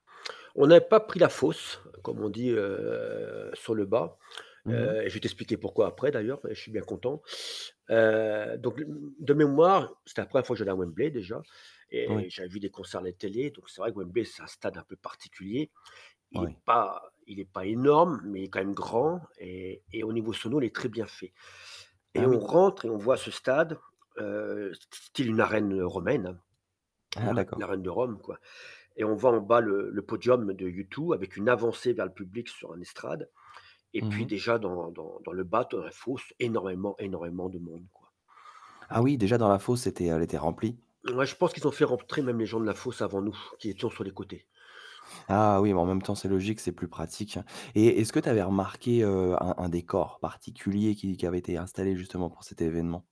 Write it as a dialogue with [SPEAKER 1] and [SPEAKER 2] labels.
[SPEAKER 1] On n'a pas pris la fosse, comme on dit, heu, sur le bas.
[SPEAKER 2] Mmh mh.
[SPEAKER 1] Heu, je vais t'expliquer pourquoi après d'ailleurs, et je suis bien content. Heu donc l de mémoire, c'était la 1re fois que j'allais à Wembley déjà,
[SPEAKER 2] Oui.
[SPEAKER 1] et j'avais vu des concerts à la télé, donc c'est vrai que Wembley, c'est un stade un peu particulier. Il est
[SPEAKER 2] Oui.
[SPEAKER 1] pas il est pas énorme, mais quand même grand et et au niveau sono, il est très bien fait. Et
[SPEAKER 2] Ah
[SPEAKER 1] on
[SPEAKER 2] oui!
[SPEAKER 1] rentre et on voit ce stade, heu, s style une arène, romaine.
[SPEAKER 2] Ah!
[SPEAKER 1] L'ar
[SPEAKER 2] D'accord.
[SPEAKER 1] l'arène de Rome, quoi. Et on voit en bas le le podium de U2 avec une avancée vers le public sur une estrade, et
[SPEAKER 2] Mmh
[SPEAKER 1] puis
[SPEAKER 2] mh.
[SPEAKER 1] déjà dans dans dans le bas de la fosse, énormément énormément de monde, quoi.
[SPEAKER 2] Ah oui! Déjà, dans la fosse, c'était, heu elle était remplie.
[SPEAKER 1] Ouais, je pense qu'ils ont fait rentrer même les gens de la fosse avant nous, qui étions sur les côtés.
[SPEAKER 2] Ah oui! Mais en même temps, c'est logique, c'est plus pratique, hein. Et, est-ce que tu avais remarqué, heu, un un décor particulier qui qui avait été installé justement pour cet événement?